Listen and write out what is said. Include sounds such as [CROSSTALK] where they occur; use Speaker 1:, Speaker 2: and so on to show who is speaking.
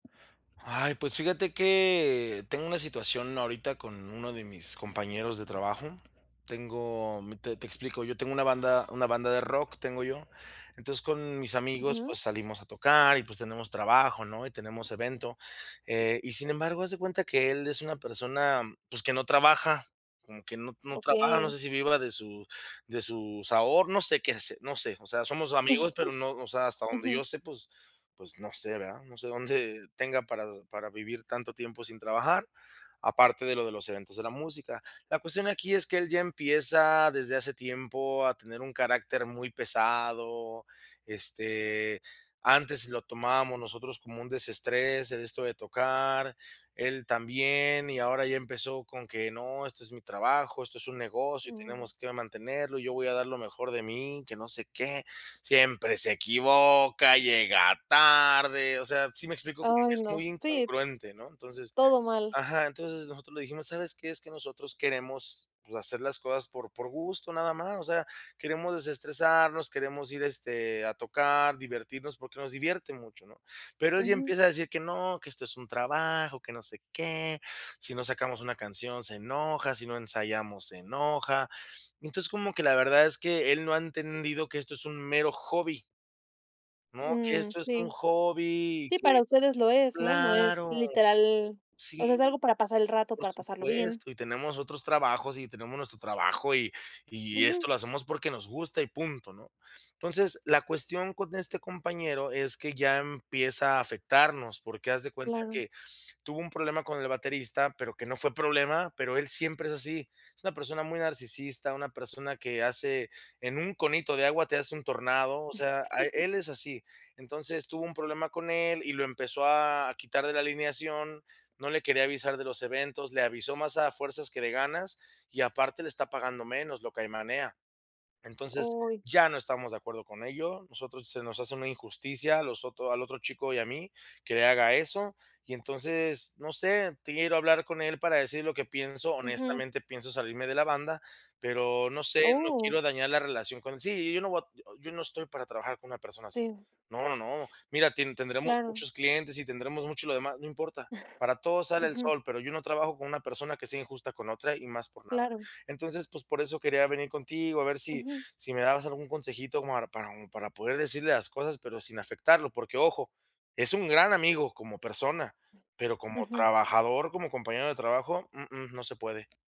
Speaker 1: Ay, pues fíjate que tengo una situación ahorita con uno de mis compañeros de trabajo. Tengo m te te explico. Yo tengo una banda una banda de rock, tengo yo. Entonces, con mis amigos,
Speaker 2: Ujú.
Speaker 1: pues, salimos a tocar y, pues, tenemos trabajo, ¿no? Y tenemos evento. Eh, y sin embargo, haz de cuenta que él es una persona, pues, que no trabaja, como que no no trabaja, no
Speaker 2: Okey.
Speaker 1: sé si viva de su de sus aho no sé qué hace, no sé. O sea, somos amigos, pero no, o sea,
Speaker 2: [CHUCKLES]
Speaker 1: hasta donde
Speaker 2: Ujú.
Speaker 1: yo sé, pues pues, no sé, ¿verdad? No sé dónde tenga para para vivir tanto tiempo sin trabajar, aparte de lo de los eventos de la música. La cuestión aquí es que él ya empieza desde hace tiempo a tener un carácter muy pesado. Este, antes lo tomábamos nosotros como un desestrés, esto de tocar, él también, y ahora ya empezó con que: "No, este es mi trabajo, esto es un negocio y
Speaker 2: Mm.
Speaker 1: tenemos que mantenerlo, yo voy a dar lo mejor de mí, que no sé qué".⁣ Siempre se equivoca, llega tarde, o sea, ¿sí me explico? Como que
Speaker 2: Ay,
Speaker 1: es muy
Speaker 2: no, sí
Speaker 1: incongruente, ¿no? Entonces
Speaker 2: todo mal.
Speaker 1: ajá, entonces nosotros le dijimos: "¿Sabes qué? Es que nosotros queremos, pues, hacer las cosas por por gusto, nada más. O sea, queremos desestresarnos, queremos ir, este, a tocar, divertirnos", porque nos divierte mucho, ¿no? Pero él ya
Speaker 2: Ujú.
Speaker 1: empieza a decir que: "No, que esto es un trabajo, que no sé qué", si no sacamos una canción, se enoja, si no ensayamos se enoja. Entonces, como que la verdad es que él no ha entendido que esto es un mero hobby ¿no? Que
Speaker 2: Mm,
Speaker 1: esto es un
Speaker 2: sí.
Speaker 1: hobby, y
Speaker 2: Sí,
Speaker 1: que
Speaker 2: para ustedes lo es, ¿no? No es,
Speaker 1: claro.
Speaker 2: literal o
Speaker 1: Sí,
Speaker 2: sea, es algo para pasar el rato,
Speaker 1: por
Speaker 2: para pasarlo bien.
Speaker 1: supuesto. Y tenemos otros trabajos, y tenemos nuestro trabajo, y y
Speaker 2: Ujú.
Speaker 1: esto lo hacemos porque nos gusta, y punto, ¿no? Entonces, la cuestión con este compañero es que ya empieza a afectarnos, porque haz de cuenta
Speaker 2: Claro.
Speaker 1: que tuvo un problema con el baterista, pero que no fue problema, pero él siempre es así. Es una persona muy narcisista, una persona que hace en un conito de agua te hace un tornado, o sea, a
Speaker 2: [CHUCKLES]
Speaker 1: él es así. Entonces, tuvo un problema con él, y lo empezó a quitar de la alineación, no le quería avisar de los eventos, le avisó más a fuerzas que de ganas, y, aparte, le está pagando menos, lo caimanea. Entonces,
Speaker 2: Uy.
Speaker 1: ya no estamos de acuerdo con ello, nosotros se nos hace una injusticia a los ot al otro chico y a mí. Que le haga eso, y entonces, no sé, quiero hablar con él para decir lo que pienso.
Speaker 2: Ujú.
Speaker 1: Honestamente, pienso salirme de la banda, pero no sé, no
Speaker 2: ¡Oh!
Speaker 1: quiero dañar la relación con sí, y yo no voy a [UNINTELLIGIBLE] yo no estoy para trabajar con una persona así.
Speaker 2: Sí.
Speaker 1: No, no, no. Mira, tin tendremos
Speaker 2: Claro.
Speaker 1: muchos clientes, y tendremos mucho lo demás, no importa. Para
Speaker 2: [CHUCKLES]
Speaker 1: todo sale el
Speaker 2: Ujú.
Speaker 1: sol, pero yo no trabajo con una persona que sea injusta con otra, y más por nada.
Speaker 2: Claro.
Speaker 1: Entonces, pues, por eso quería venir contigo, a ver si
Speaker 2: Ujú.
Speaker 1: si me dabas algún consejito como para un para poder decirle las cosas, pero sin afectarlo, porque, ojo, es un gran amigo como persona, pero como
Speaker 2: Ujú.
Speaker 1: trabajador, como compañero de trabajo, uh-uh, no se puede.